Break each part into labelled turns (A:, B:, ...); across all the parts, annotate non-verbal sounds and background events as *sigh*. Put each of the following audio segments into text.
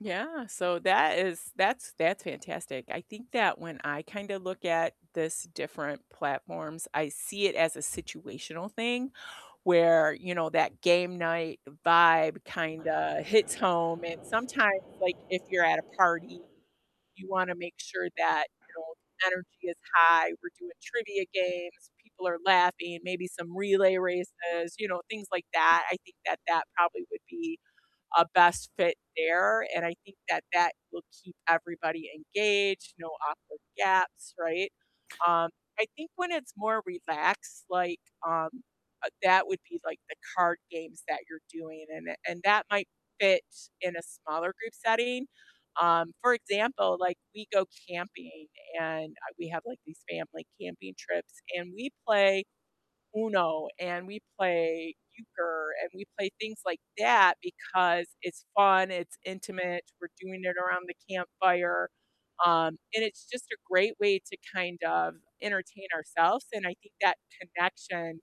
A: Yeah, so that is that's that's fantastic. I think that when I kinda look at this different platforms, I see it as a situational thing where, you know, that game night vibe kinda hits home. And sometimes, like, if you're at a party, you wanna make sure that, you know, the energy is high, we're doing trivia games, people are laughing, maybe some relay races, you know, things like that. I think that that probably would be a best fit there, and I think that that will keep everybody engaged, no awkward gaps, right? Um, I think when it's more relaxed, like, um, uh, that would be, like, the card games that you're doing, and and and that might fit in a smaller group setting. Um, for example, like, we go camping and, uh, we have, like, these family camping trips, and we play Uno and we play Euchre and we play things like that because it's fun, it's intimate, we're doing it around the campfire, um, and it's just a great way to kind of entertain ourselves and I think that connection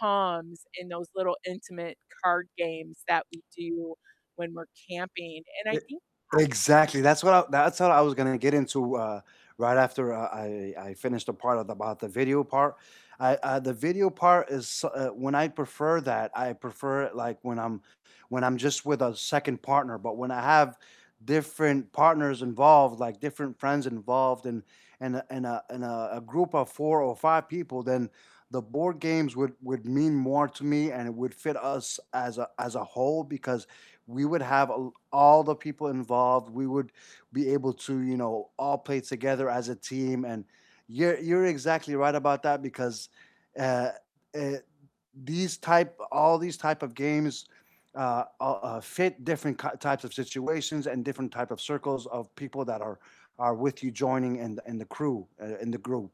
A: comes in those little intimate card games that we do when we're camping, and I
B: E
A: think *unintelligible*
B: exactly. That's what I that's what I was gonna get into, uh, right after I I I finished the part of about the video part. I uh, the video part is s uh, when I prefer that, I prefer it, like, when I'm when I'm just with a second partner, but when I have different partners involved, like different friends involved and and a and a and a a group of 4 or 5 people, then the board games would would mean more to me, and it would fit us as a as a whole because we would have a l all the people involved. We would be able to, you know, all play together as a team, and, you're you're exactly right about that because, uh uh, these type all these type of games, uh uh uh, fit different ki types of situations and different type of circles of people that are are with you joining and and the crew, uh, and the group.